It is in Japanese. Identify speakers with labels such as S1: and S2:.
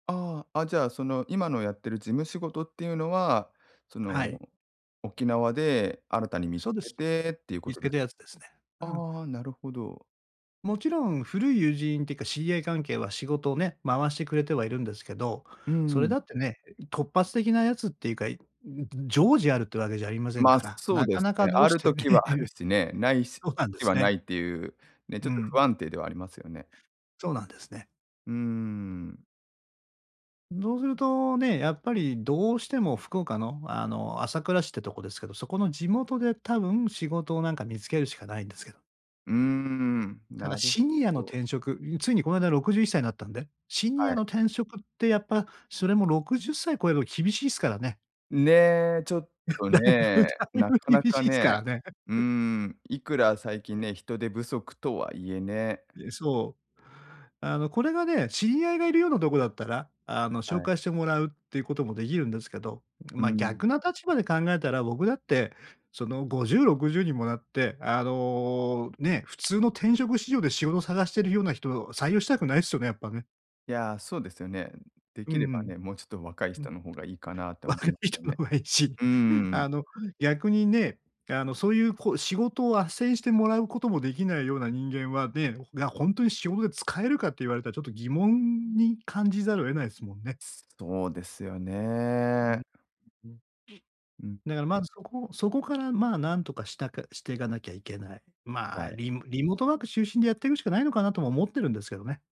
S1: ああ、あ、じゃあその、今のやってる事務仕事っていうのは、そ
S2: は
S1: の、
S2: い。
S1: 沖縄で新たに見
S2: そう
S1: つ
S2: で
S1: け
S2: す。
S1: てっていうこ
S2: 見つ
S1: とで
S2: けたやつですね。うん。
S1: ああ、なるほど。
S2: もちろん、古い友人ってか知り合い関係は、仕事をね、回してくれてはいるんですけど、
S1: う
S2: それ
S1: ん。
S2: だってね、え、い突発的なやつっていうか、いんん、ずん常時あるってわけじゃありません
S1: ま、
S2: から、
S1: そう
S2: なか
S1: です
S2: なか
S1: ね、
S2: ど
S1: あ
S2: うし
S1: る
S2: てね
S1: 時 は
S2: い
S1: ある
S2: う
S1: しね、無いし
S2: そうなんで
S1: 時
S2: す
S1: は無
S2: ね。
S1: いっていうね、ちょ
S2: う
S1: っと不
S2: ん。
S1: 安定ではありますよね。
S2: そうなんですね。
S1: うーん。
S2: ん、そうするとね、やっぱりどうしても、福岡の、あの朝倉市っていうとこですけど、そこの地元で多分仕事をなんか見つけるしかないんですけど。
S1: うーん、
S2: ただ
S1: なる
S2: シニアの
S1: ほど。
S2: 転職ん、ついにこないだ61歳になったんで、シニ
S1: は
S2: ア
S1: い。
S2: の転職ってやっぱ、それも60歳超えれば厳しいっすからね。
S1: ね、ちょっ と
S2: 大分
S1: ね、
S2: 大
S1: な
S2: 分
S1: かな
S2: 厳
S1: か
S2: しいすか
S1: ね、
S2: らね。え
S1: うーん、いくら最
S2: う
S1: 近ね、人手不足とはいえね。
S2: え、そう。あのこれがね、知り合いが居るようなとこだったら、あの、紹
S1: はい。
S2: 介してもらうっていうことも出来るんですけど、ん、
S1: う
S2: ま、
S1: ん。
S2: 逆の立場で考えたら僕だって、その、50、60にもなって、あの、ね、普通の転職市場で仕事探してるような人を採用したくないっすよね、やっぱね。
S1: いや、そうですよね。んん、出
S2: うんう
S1: 来れば
S2: ん。
S1: ね、もうちょっと若い
S2: うん。
S1: 人の方がいいかなって思
S2: 若
S1: い
S2: い
S1: まよ
S2: 人の
S1: ね。
S2: 方がいいし、
S1: うーん。
S2: あの、逆にね、あの、そういうこう仕事を斡旋してもらうことも出来ないような人間はねごほが、ほんとに仕事で使えるかって言われたらちょっと疑問に感じざるを得ないっすもんね。
S1: そうですよ
S2: う
S1: ね。
S2: ん、う
S1: ん。
S2: うん。
S1: うん。
S2: だからまずそこそこからまあ、何とかしたかしていかなきゃいけない。ま
S1: は
S2: あ、
S1: い。
S2: リリモートワーク中心でやってくしかないのかなとも思ってるんですけどね。